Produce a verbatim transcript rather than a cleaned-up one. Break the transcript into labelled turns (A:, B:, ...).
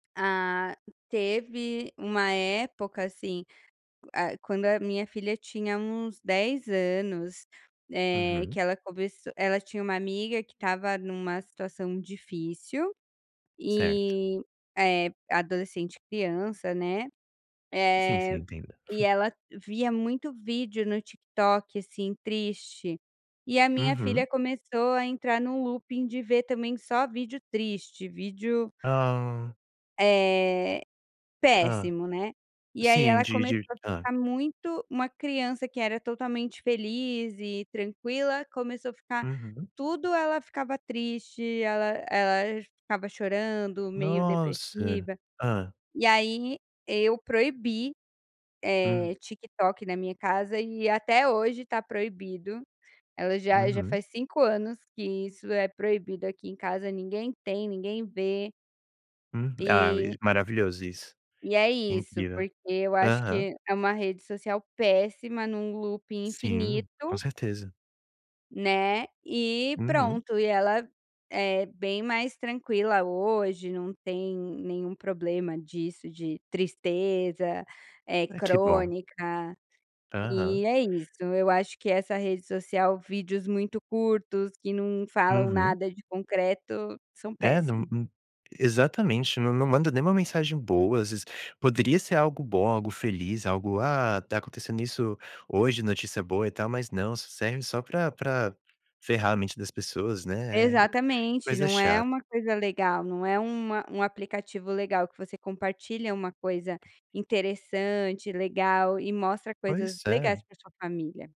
A: Ah, teve uma época, assim, ah quando a minha filha tinha uns dez anos, eh, que
B: Uhum.
A: ela começou ela tinha uma amiga que estava em uma situação difícil,
B: Certo.
A: eh eh, adolescente criança, né,
B: Sim, sim
A: eh,
B: entenda.
A: e ela via muito vídeo no TikTok assim triste, e a minha
B: Uhum.
A: filha começou a entrar no looping de ver também só vídeo triste, vídeo
B: Ah.
A: Eh,
B: Ah,
A: péssimo, né. E aí
B: sim
A: ela
B: sim,
A: começou
B: de
A: a
B: ah
A: ficar muito uma criança que era totalmente feliz e tranquila começou a ficar
B: Uhum.
A: tudo ela ficava triste, ela ela ficava chorando, meio
B: Nossa,
A: depressiva,
B: hã?
A: e aí eu proibi,
B: Hum.
A: eh, TikTok na minha casa e até hoje tá proibido, ela já já
B: Uhum.
A: faz cinco anos que isso é proibido aqui em casa ninguém tem, ninguém vê.
B: Uhum,
A: Ah,
B: ah
A: maravilhoso isso.
B: maravilhoso isso,
A: E é isso,
B: incrível.
A: porque eu acho
B: Aham.
A: que é uma rede social péssima em um looping
B: Sim, com
A: infinito
B: certeza.
A: Né, e
B: Uhum.
A: pronto, e ela é bem mais tranquila hoje, não tem nenhum problema disso de tristeza, é
B: Ah, que bom.
A: crônica, eh,
B: Aham.
A: é isso eu acho que essa rede social vídeos muito curtos que não falam
B: Uhum.
A: nada de concreto são
B: É, num
A: péssimo.
B: num exatamente, não não manda nem uma mensagem boa, às vezes, poderia ser algo bom, algo feliz, algo, "Ah, tá acontecendo isso hoje", notícia boa e tal mas não, só serve só pra pra ferrar a mente das pessoas, né,
A: Exatamente,
B: coisa
A: não é
B: chata.
A: uma coisa legal, não é um a um aplicativo legal que você compartilha uma coisa interessante, legal e mostra coisas
B: Pois é.
A: legais para sua família.